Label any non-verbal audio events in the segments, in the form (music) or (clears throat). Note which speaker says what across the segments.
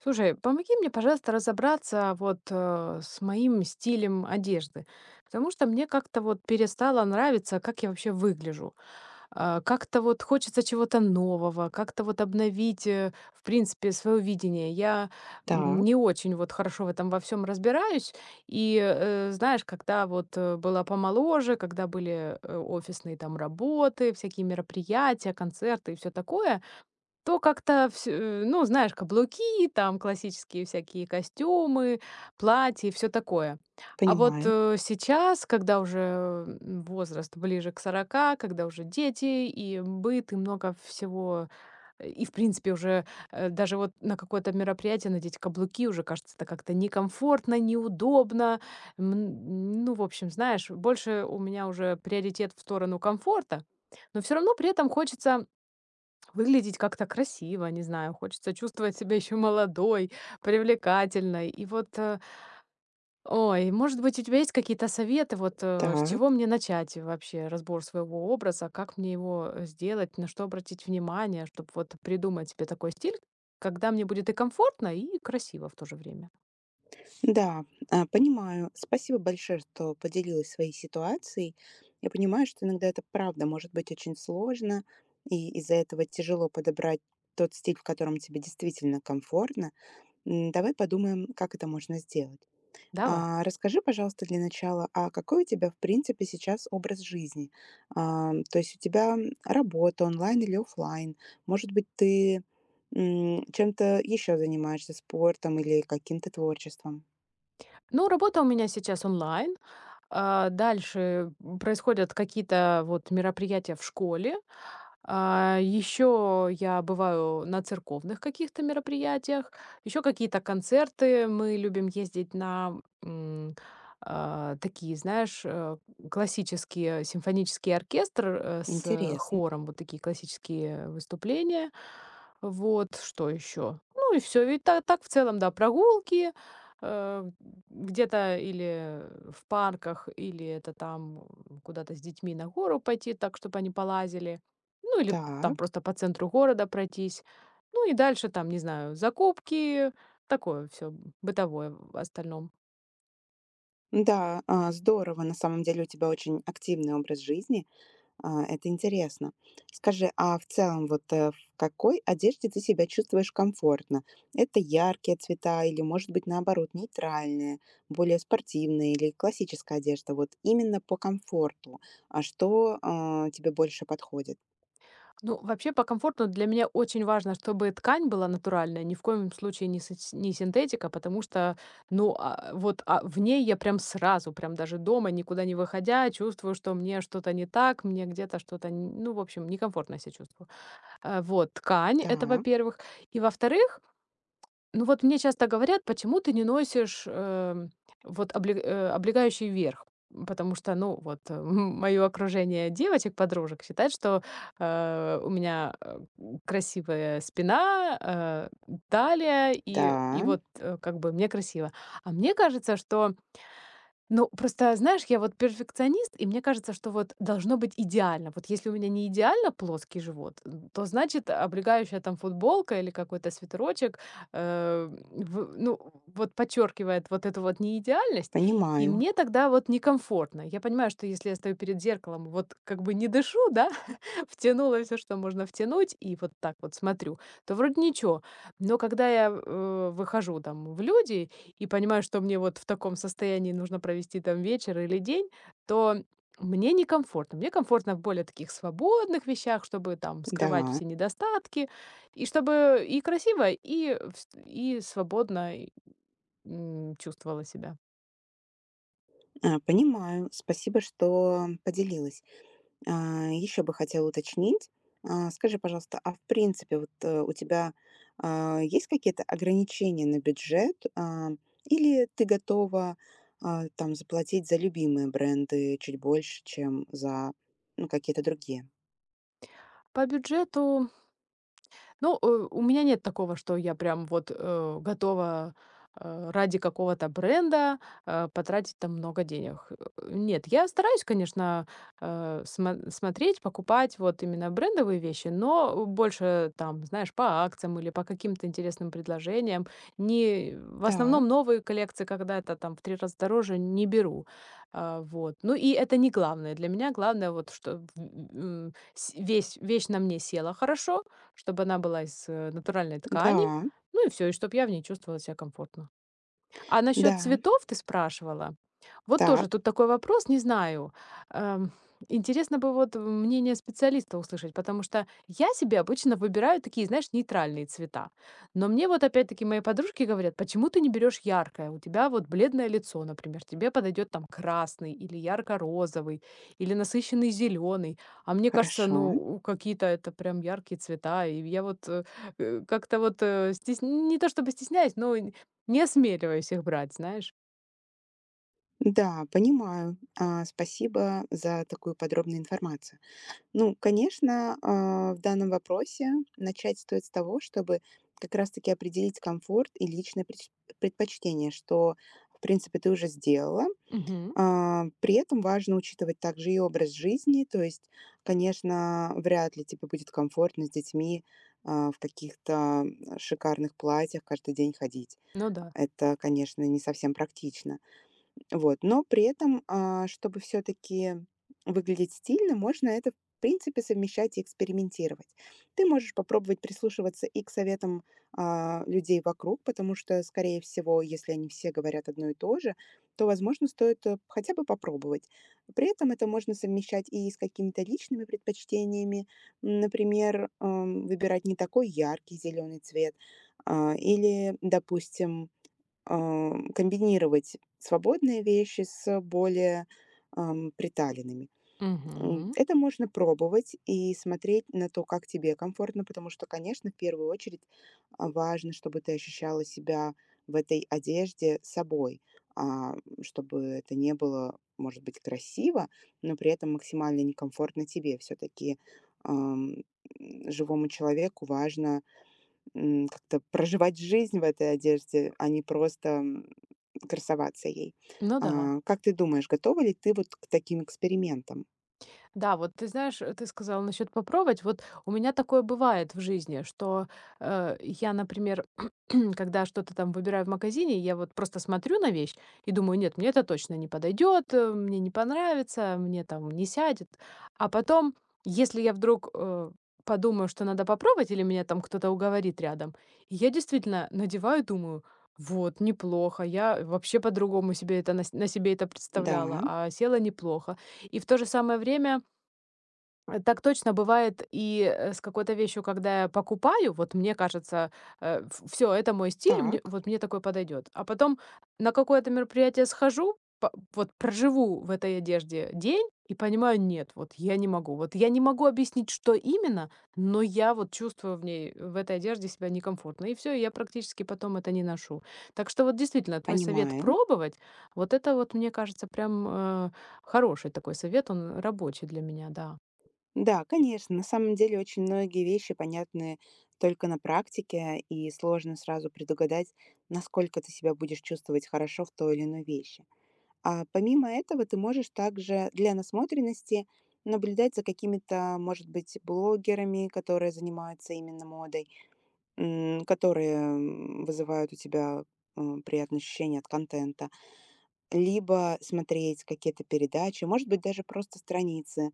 Speaker 1: Слушай, помоги мне, пожалуйста, разобраться вот, а, с моим стилем одежды, потому что мне как-то вот перестало нравиться, как я вообще выгляжу. А, как-то вот хочется чего-то нового, как-то вот обновить, э, в принципе своё видение. Я,
Speaker 2: Та.
Speaker 1: м, не очень вот хорошо в этом во всём разбираюсь. И, э, знаешь, когда вот, э, была помоложе, когда были, э, офисные, там, работы, всякие мероприятия, концерты и всё такое. То как-то всю у ну, знаешь, каблуки и там классические всякие костюмы, платья и всё такое. А вот,
Speaker 2: Понимаю.
Speaker 1: э, сейчас, когда уже, м, возраст ближе к 40, когда уже дети и, м, быт, и много всего. (grunts) И в принципе, уже, э, даже вот на какое-то мероприятие надеть каблуки уже кажется это как-то некомфортно, неудобно. Мн ну, в общем, знаешь, больше у меня уже приоритет в сторону комфорта, но всё равно при этом хочется, м, выглядеть как-то красиво, не знаю. Хочется чувствовать себя ещё молодой, привлекательной. И вот, э Ой, может быть, у тебя есть какие-то советы? Вот, а, с чего
Speaker 2: Так.
Speaker 1: мне начать и вообще разбор своего образа? Как мне его, э, сделать, на что обратить внимание, чтоб вот придумать себе такой стиль, когда мне будет и комфортно, и красиво в то же время?
Speaker 2: Н-да, а, понимаю. Спасибо большое, что поделилась своей ситуацией. Я понимаю, что иногда это правда может быть очень сложно, и из-за этого тяжело подобрать тот стиль, в котором тебе действительно комфортно. М, давай подумаем, как это можно сделать.
Speaker 1: Давай.
Speaker 2: А, расскажи, пожалуйста, для начала, а какой у тебя, в принципе, сейчас образ жизни? Ам, то есть у тебя, работа онлайн или офлайн? Может быть, ты, м, чем-то еще занимаешься, спортом или каким-то творчеством?
Speaker 1: Ну, работа у меня сейчас онлайн. А, дальше, м, происходят какие-то вот мероприятия в школе. А, еще я бываю на церковных каких-то мероприятиях, еще какие-то концерты. Мы любим ездить на, м, а, такие, знаешь, а, классические симфонический оркестр, э, с,
Speaker 2: Интересн
Speaker 1: хором. Вот такие классические выступления. Вот. Что еще? Ну и всё, в и та так в целом, да, прогулки, а, (grunts) где-то или (grunts) в парках, или это там (grunts) куда-то с детьми на гору пойти так, чтоб они полазили, ну, или там
Speaker 2: Так.
Speaker 1: просто по центру города пройтись. Ну и дальше там, не знаю, закупки. Такое всё, м, бытовое (grunts) в остальном.
Speaker 2: Н-да, а, здорово. На самом деле у тебя очень активный образ жизни. А, это интересно. Скажи, а в целом, вот, э, в какой одежде ты себя чувствуешь комфортно? Это яркие цвета или, может быть, наоборот, нейтральные, более спортивные или классическая одежда? Вот именно по комфорту. А что, а, тебе больше подходит?
Speaker 1: Ну, вообще по комфорту для меня очень важно, чтобы и ткань была натуральная, ни в коем случае не сатьс не синтетика. Потому что, ну, а, вот, а, в ней я прям сразу, прям даже дома никуда не выходя, чувствую, что мне что-то не так, мне где-то что-то нь ну, в общем, некомфортно я себя чувствую. Э, вот, ткань- это
Speaker 2: Та.
Speaker 1: во-первых. И во-вторых, ну, вот мне часто говорят: "Почему ты не носишь, эм, вот облег э, облегающий верх?" М, потому что, ну, вот, м, моё окружение девочек, подружек считает, что, а, э, у меня, а, м, красивая спина, а, м, талия, и и
Speaker 2: Да.
Speaker 1: вот, э, как бы мне красиво. А мне кажется, что Ну, просто знаешь, я вот перфекционист, и мне кажется, что вот должно быть идеально. Вот если у меня неидеально плоский живот, то, значит, э, облегающая, там, футболка или какой-то свитерочек, ам, в, ну, вот подчёркивает вот эту вот неидеальность, и
Speaker 2: Понимаю.
Speaker 1: мне тогда вот некомфортно. Я понимаю, что если я стою перед зеркалом и вот как бы не дышу, да, (chuckles) втянула всё, что можно втянуть, и вот так вот смотрю, то вроде ничего. Но когда я, в, э, выхожу, там, в люди и понимаю, что мне вот в таком состоянии нужно провести, там, вечер или день, то мне некомфортно. Мне комфортно в более таких свободных вещах, чтобы, там, скрывать
Speaker 2: Н-да.
Speaker 1: все недостатки и чтобы и красиво, и вст и свободно, и, м, чувствовала себя.
Speaker 2: А, понимаю. Спасибо, что поделилась. А, еще бы хотела уточнить. А скажи, пожалуйста, а, в принципе, вот, э, у тебя, а, есть какие-то ограничения на бюджет, а, или ты готова, а, там заплатить за любимые бренды чуть больше, чем за, ну, какие-то другие?
Speaker 1: По бюджету Ну, э, у меня нет такого, что я прям вот, э, готова, э, ради какого-то бренда, э, потратить там много денег. (grunts) Нет, я стараюсь, конечно, э, смо смотреть, покупать вот именно брендовые вещи, но, э, больше, там, знаешь, по акциям или по каким-то интересным предложениям. Не (grunts) В
Speaker 2: Та.
Speaker 1: основном новые коллекции, когда это там в 3 раза дороже, не беру. Э, вот. Ну и это не главное. Для меня главное вот, чтоб в ы ы ы сь весь вещь на мне села хорошо, чтобы она была из, э, натуральной ткани,
Speaker 2: Н-да.
Speaker 1: ну и всё. И чтоб я в ней чувствовала ся комфортно. А насчет
Speaker 2: Да.
Speaker 1: цветов ты спрашивала. Вот тоже
Speaker 2: Так.
Speaker 1: тут такой вопрос, не знаю. Эм, интересно бы вот мнение специалиста услышать, потому что я себе обычно выбираю такие, знаешь, нейтральные цвета. Но мне вот опять-таки мои подружки говорят: "Почему ты не берешь яркое? У тебя вот бледное лицо, например, тебе подойдет там красный или ярко-розовый, или насыщенный зеленый". А мне кажется,
Speaker 2: Хорошо.
Speaker 1: ну какие-то это прям яркие цвета. И я вот, э э, как-то вот, э, стесн не то, чтобы стесняюсь, но и н не осмеливаюсь их брать, знаешь.
Speaker 2: Да, понимаю. А, спасибо за такую подробную информацию. Ну, конечно, а, в данном вопросе начать стоит с того, чтобы как раз таки определить комфорт и личные преч предпочтения, что в принципе ты уже сделала.
Speaker 1: Мгм.
Speaker 2: А, при этом важно учитывать также и образ жизни. То есть, конечно, вряд ли тебе будет комфортно с детьми, а, в каких-то (grunts) шикарных платьях каждый день ходить.
Speaker 1: Ну да.
Speaker 2: Это, конечно, не совсем практично. Вот. Но при этом, а, чтобы всё-таки выглядеть стильно, можно это, в принципе, совмещать и экспериментировать. Ты можешь попробовать прислушиваться и к советам, а, людей вокруг, потому что, скорее всего, если они все говорят одно и то же, то, возможно, стоит, эп хотя бы попробовать. При этом это можно совмещать и с какими-то личными предпочтениями. Например, э, выбирать не такой яркий зелёный цвет, а, или, допустим, э, (grunts) комбинировать свободные вещи с более, эм, приталенными. М,
Speaker 1: Мгм.
Speaker 2: это можно пробовать и смотреть на то, как тебе комфортно. Потому что, конечно, в первую очередь, а, важно, чтобы ты ощущала себя в этой одежде собой, а, (grunts) чтобы это не было, может быть, красиво, но при этом максимально некомфортно тебе. Всё-таки, эм, (grunts) живому человеку важно, м, как-то проживать жизнь в этой одежде, а не просто, м, (grunts) красоваться ей.
Speaker 1: Ну да.
Speaker 2: А, как ты думаешь, готова ли ты вот к таким экспериментам?
Speaker 1: Да, вот ты знаешь, а ты сказала насчёт попробовать. Вот у меня такое бывает в жизни, что, э, я, например, (clears throat) когда что-то там выбираю в магазине, я вот просто смотрю на вещь и думаю: нет, мне это точно не подойдет, а, мне не понравится, а, мне там не сядет. А потом, если я вдруг, а, подумаю, что надо попробовать или меня там кто-то уговорит рядом, и я действительно надеваю и думаю: вот, неплохо, я, э, вообще по-другому себе это нась на себе это представляла,
Speaker 2: Да.
Speaker 1: а село неплохо. И в то же самое время, (swallows) а, так точно бывает и, э, с какой-то вещью, когда я покупаю, вот мне кажется, а: в всё, это мой стиль, мне, э,
Speaker 2: Так.
Speaker 1: вот мне такое подойдёт. А потом на какое-то мероприятие схожу, па вот проживу в этой одежде день и понимаю: нет, вот я не могу. Вот я не могу объяснить, что именно, но я вот чувствую в ней, э, в этой одежде себя некомфортно, и всё. И я практически потом это не ношу. Так что вот, действительно, твой совет
Speaker 2: Понимаю.
Speaker 1: пробовать- вот это вот, мне кажется, прям, а, хороший такой совет. Он рабочий для меня, да.
Speaker 2: Да, конечно. На самом деле, очень многие вещи понятны только на практике, и сложно сразу предугадать, насколько ты себя будешь чувствовать хорошо в той или иной вещи. А помимо этого, ты можешь также для насмотренности наблюдать за какими-то, может быть, блогерами, которые занимаются именно модой. М, которые, м, вызывают у тебя, а, приятные ощущения от контента. Либо смотреть какие-то передачи, может быть, даже просто страницы,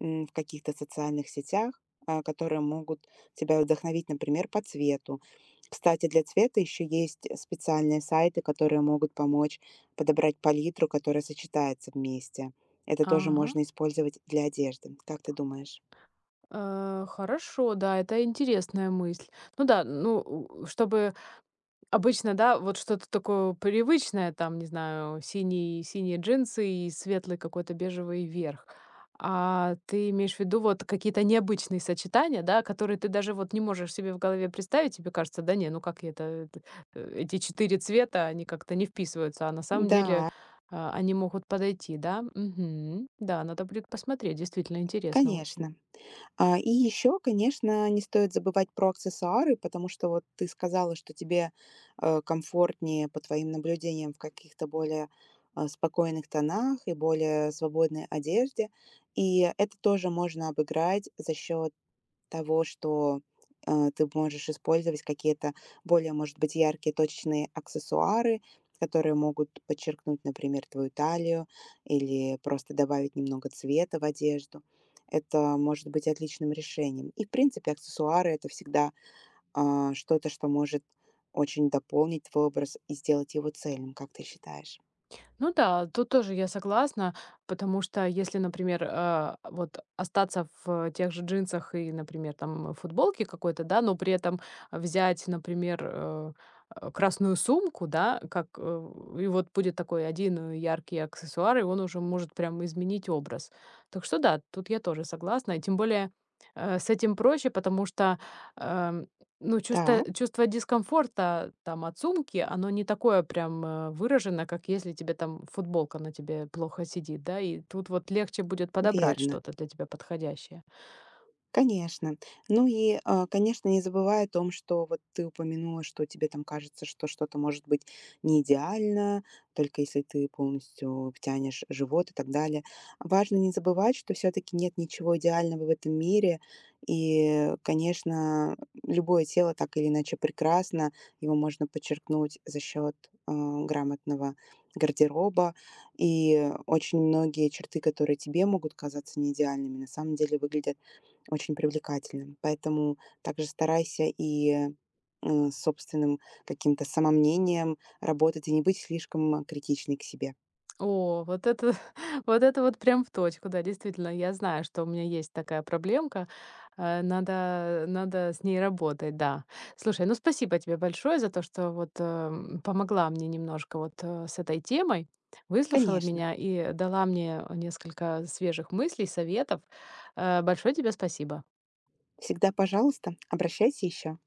Speaker 2: м, в каких-то социальных сетях, а, которые могут тебя вдохновить, например, по цвету. Кстати, для цвета еще есть, э, специальные сайты, которые могут помочь подобрать палитру, которая сочетается вместе. Это тоже
Speaker 1: Ага.
Speaker 2: можно использовать для одежды. Как ты думаешь?
Speaker 1: А, хорошо, да, это интересная мысль. Ну да, ну, у, чтобы обычно, да, вот что-то такое привычное, там, не знаю, синие синие джинсы и светлый, какой-то бежевый верх. А, ты имеешь в виду вот какие-то необычные сочетания, да, которые ты даже вот не можешь себе в голове представить? Тебе кажется: да не, ну как я это это э, эти 4 цвета, они как-то не вписываются. А на самом деле,
Speaker 2: Н-да.
Speaker 1: а, они могут подойти, да? Мгм. Да, надо будет посмотреть. Действительно, интересно очень.
Speaker 2: Конечно. А, и еще, конечно, не стоит забывать про аксессуары, потому что вот ты сказала, что тебе, а, комфортнее, по твоим наблюдениям, в каких-то более, а, спокойных тонах и более свободной одежде. И это тоже можно обыграть за счет того, что, а, ты б можешь использовать какие-то более, может быть, яркие точечные аксессуары, которые могут подчеркнуть, например, твою талию или просто добавить немного цвета в одежду. Это может быть отличным решением. И в принципе, аксессуары- это всегда, а, что-то, что может очень дополнить твой образ и сделать его цельным. Как ты считаешь?
Speaker 1: Ну да, тут тоже я согласна, потому что если, например, э, вот остаться в тех же джинсах и, например, там, футболке какой-то, да? Но при этом взять, например, э э, красную сумку, да, как, э, и вот будет такой 1, э, яркий аксессуар, и он уже может прям изменить образ. Так что да, тут я тоже согласна. И тем более, э, с этим проще, потому что, э, ну, чуста
Speaker 2: Та.
Speaker 1: чувство дискомфорта, там, от сумки, оно не такое прям, а, выражено, как если тебе там футболка на тебе плохо сидит, да? И тут вот легче будет подобрать
Speaker 2: Верно.
Speaker 1: что-то для тебя подходящее.
Speaker 2: Конечно. Ну и, а, конечно, не забывай о том, что вот ты упомянула, что тебе там кажется, что что-то может быть неидеально, только если ты полностью втянешь живот и так далее. А важно не забывать, что всё-таки нет ничего идеального в этом мире. И, э, конечно, любое тело так или иначе прекрасно, его можно подчеркнуть за счёт, а, грамотного гардероба. И очень многие черты, которые тебе могут казаться неидеальными, на самом деле выглядят очень привлекательным. Поэтому также старайся и, э, с собственным каким-то самомнением работать и не быть слишком критичной к себе.
Speaker 1: О, вот это, (chuckles) вот это вот прям в точку. Да, действительно, я знаю, что у меня есть такая проблемка. Э, надо надо с ней работать, да. Слушай, ну, спасибо тебе большое за то, что вот, э, м, помогла мне немножко вот, э, с этой темой, выслушала
Speaker 2: Конечно.
Speaker 1: меня и дала мне, э, несколько свежих мыслей, советов. Э, большое тебе спасибо.
Speaker 2: Всегда пожалуйста, обращайся ещё.